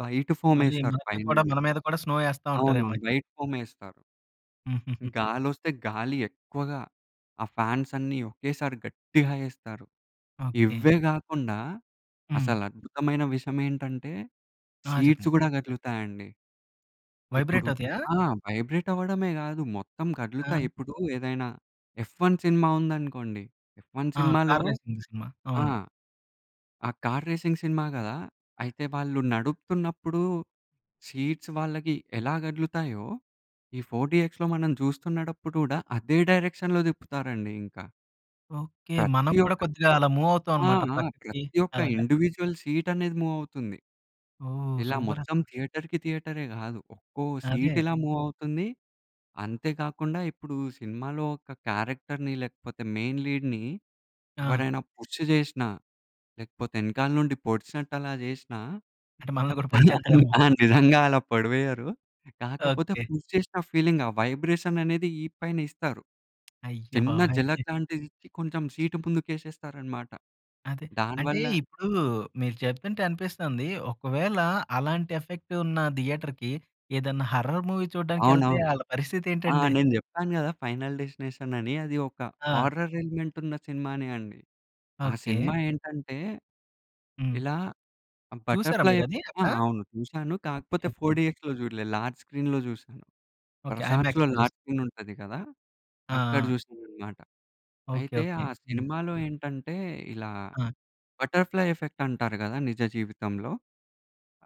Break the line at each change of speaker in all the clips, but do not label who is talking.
White
మళ్ళీ
ఫోమేస్తారు
మనకి కూడా
పైననే.
మన మీద కూడా స్నో ఏస్తా
అవునవును
ఉంటారేమయితే.
వైట్ ఫోమేస్తారు.
హుహుహు.
గాలోస్తే గాలి ఎక్కువగా, ఆ ఫాన్స్ అన్నీ ఒకేసారి గట్టిగా ఏస్తారు.
ఓకే.
ఇవ్వే కాకుండా
హ్మ్.
అసలు అద్భుతమైన విషయమేంటంటే,
ఆ!
సీట్స్
చెప్పండి.
గూడా కదులుతాయండి. ఇప్పుడు
వైబ్రేట్ అవుతాయా?
ఆ! వైబ్రేట్ అవ్వడమే గాదు, మొత్తం
ఆ!
కదులుతాయి. ఇప్పుడు ఏదైనా 'ఎఫ్ 1' సినిమా ఉందనుకోండి, 'ఎఫ్ 1'
ఆ!
సినిమాలో
కార్ రేసింగ్‌‌ది సినిమా.
ఆ!
అవును.
ఆ కార్ రేసింగ్ సినిమా కదా! అయితే వాళ్ళు నడుపుతున్నప్పుడు సీట్స్ వాళ్ళకి ఎలా కదులుతాయో, ఈ ఫోర్ డీఎక్స్‌‌లో మనం చూస్తున్నడప్పుడు కూడా అదే డైరెక్షన్‌లో తిప్పుతారండి ఇంకా.
ఓకే. మనం
ప్రతి
కూడా
ఒక్క
కొద్దిగా అలా మూవ్
ఆ!
అవుతామన్నమాట
ఆ!
పక్కకి
ప్రతి ఒక్క
అలాగా.
ఇండివిడ్యువల్ సీట్ అనేది మూవ్ అవుతుంది.
ఓహ్!
ఇలా
సూపర్
మొత్తం
అసలా.
థియేటర్‌కి, థియేటరే గాదు ఒక్కో సీట్
అదే.
ఇలా మూవ్ అవుతుంది. అంతే కాకుండా, ఇప్పుడు సినిమాలో ఒక క్యారెక్టర్‌ని, లేకపోతే మెయిన్ లీడ్‌ని
ఆ!
ఎవరైనా పుష్ జేసినా, లేకపోతే ఎనకాల నుండి పొడిచినట్టు అలా జేసినా
అంటే మనల్ని కూడా
అలా
పొడిచేత్తారేమో!
ఆ నిజంగా అలా పొడివేయ్యరు కాకపోతే,
ఓకే.
పుష్ జేసిన ఫీలింగ్ ఆ వైబ్రేషననేది ఇ‌పైన ఇస్తారు.
అయ్యో
చిన్న
బాబోయ్!
జలక్ లాంటిదిచ్చి కొంచెం సీటు ముందుకేసేస్తారన్నమాట.
అదే. అంటే
దానివల్ల
ఇప్పుడు మీరు చెప్తుంటే అనిపిస్తుంది ఒకవేళ అలాంటి ఎఫెక్టున్న థియేటర్‌కి ఏదైనా హారర్ మూవీ చూడడానికెళ్తే
అవునవును.
ఆళ్ళ
ఆ!
పరిస్థితేంటండి?
నేను చెప్పాను గదా! 'ఫైనల్ డెస్టినేషన్' అని అది ఒక
ఆ!
హారర్ ఎలిమెంట్ ఉన్న సినిమానే అండి. ఆ
ఓకే.
సినిమా ఏంటంటే,
హ్మ్.
ఇలా
చూసారా
బటర్‌ఫ్లై
మీరది
ఎఫెక్ట్ ఆ!
అక్కడ.
అవును, చూసాను. కాకపోతే
ఓకే. ఓకే.
4డీఎక్స్‌లో చూడలేదు, లార్జ్ స్క్రీన్‌లో చూసాను.
ఓకే.
ప్రసాద్‌లో
ఐమాక్స్‌లో చూస్
లార్జ్ స్క్రీన్ ఉంటది గదా!
ఆ!
అక్కడ
ఆ!
చూసానన్నమాట.
ఓకే.
అయితే
ఓకే.
ఆ
హ్మ్.
సినిమాలో ఏంటంటే ఇలా
ఆ!
బటర్‌ఫ్లై ఎఫెక్ట్ అంటారు గదా! నిజ జీవితంలో.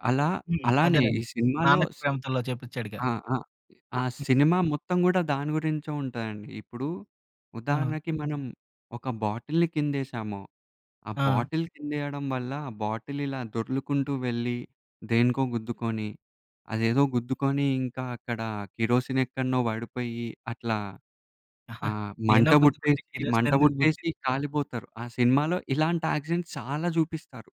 అలా
హ్మ్.
అలానే ఈ
అదేనండి,
సినిమాలో
'నాన్నకు
స్
ప్రేమతోలో' చేపించాడుగా.
ఆ! ఆ! ఆ సినిమా మొత్తం కూడా దాని గురించే ఉంటదండి. ఇప్పుడు
ఆ!
ఉదాహరణకి మనం ఒక బాటిల్ని కిందేసాము, ఆ
ఆ!
బాటిల్ కింద వేయడం వల్ల ఆ బాటిల్ ఇలా దొర్లుకుంటూ వెళ్ళి, దేనికో గుద్దుకొని, అదేదో గుద్దుకొని ఇంకా అక్కడ కిరోసిన్ ఎక్కడిన్నో పడిపోయి, అట్లా ఆహ్,
దేనో
మంట
గుద్దుకుంటే
వుట్టేసి,
కిరోసిన్
మంట
ఎందుకు పుట్టింది?
వుట్టేసి కాలిపోతారు. ఆ సినిమాలో ఇలాంటి యాక్సిడెంట్స్ చాలా జూపిస్తారు.